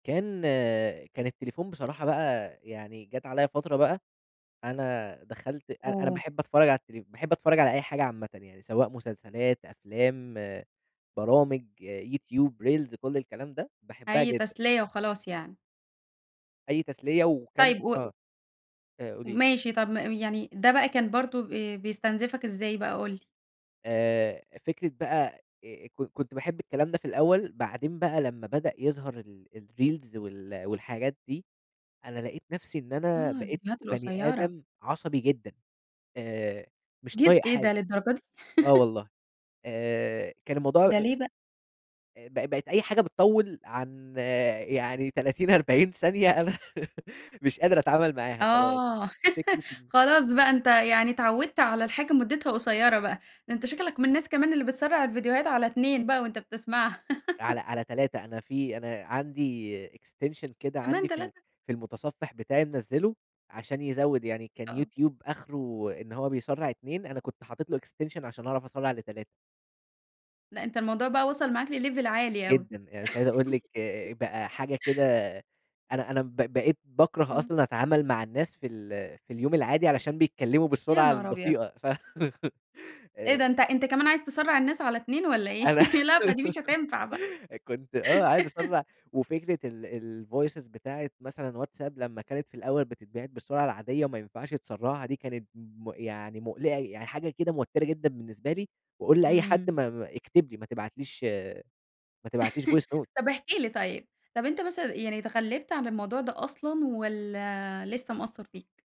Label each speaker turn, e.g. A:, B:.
A: كان كان التليفون بصراحة بقى، يعني جات عليا فترة بقى، أنا دخلت أنا أنا
B: آه.
A: باحب أتفرج على التل باحب أتفرج على أي حاجة عامةً، يعني سواء مسلسلات، أفلام، برامج، YouTube، Reels كل الكلام ده باحبها
B: أي
A: جدًا.
B: تسلية وخلاص يعني.
A: أي تسلية وكم
B: طيب و و
A: آه، آآ قولي لي.
B: ماشي طَب م يعني ده بقى كان برضو ب بيستنزِفك إزاي بقى قُل لي؟
A: آآ، فكرة بقى، آآ، ك كنت باحب الكلام ده في الأول، بعدين بقى لمّا بدأ يظهر ال الReels وال والحاجات دي، أنا لقيت نفْسِي إن أنا
B: آه،
A: بقيت
B: الفيديوهات
A: بَنِي
B: القصيرة.
A: آدم عصبي جدًا، آآ، مش
B: ج
A: طايق
B: إيه
A: حاجة،
B: ده للدرجة دي؟!
A: آه والله، آآ، كان الموضوع
B: ده
A: أ
B: ليه بقى؟
A: آآ، ب بقت أي حاجة بتطوِّل عن يعني 30، 40 ثانية أنا مش قادر أتعامل معاها خلاص،
B: آه،
A: فكرة ال
B: خلاص بقى أنت يعني اتعودت على الحاجة مُدتها قصيرة بقى. ده أنت شكلك من الناس كمان اللي بتسرَّع الفيديوهات على 2 بقى وأنت بتسمعها.
A: على على 3، أنا في أنا عندي Extension كده
B: كمان
A: عندي في ال
B: 3!
A: في المتصفح بتاعي منزّله؛ عشان يزوِّد يعني كان
B: آه.
A: YouTube آخره إن هو بيسرَّع 2، أنا كنت حطيت له Extension عشان أعرف أسرَّع ل3.
B: لأ، أنت الموضوع بقى وصَل معاك لLevel عالي أوي.
A: جدًا، يعني مش عايز أقول لِك بقى حاجة كده أنا أنا ب بقيت باكره
B: آه.
A: أصلًا أتعامل مع الناس في ال في اليوم العادي؛ علشان بيتكلموا
B: يا
A: بالسرعة
B: نهار أبيض!
A: البطيئة، ف
B: إيه ده؟
A: آآ.
B: أنت أنت كمان عايز تسرَّع الناس على 2 والَّا إيه؟
A: أنا
B: لأ، ما دي مش هتنفع بقى.
A: كنت آه، عايز أسرَّع وفكرة ال الVoices بتاعِة مثلًا WhatsApp لمّا كانت في الأول بتتبعت بالسرعة العادية وما ينفعش تسرَّعها، دي كانت م يعني مُقلِقة، يعني حاجة كده موتِرة جدًا بالنسبة لي، وأقول لأي حد
B: إمم.
A: م م اكتب لي، ما تبعتليش ما تبعتليش Voice note.
B: طَب احكِ لي طيب. طَب أنت مثلًا، يعني اتغلِّبت على الموضوع ده أصلًا والَّا لسه مأثَّر فيك؟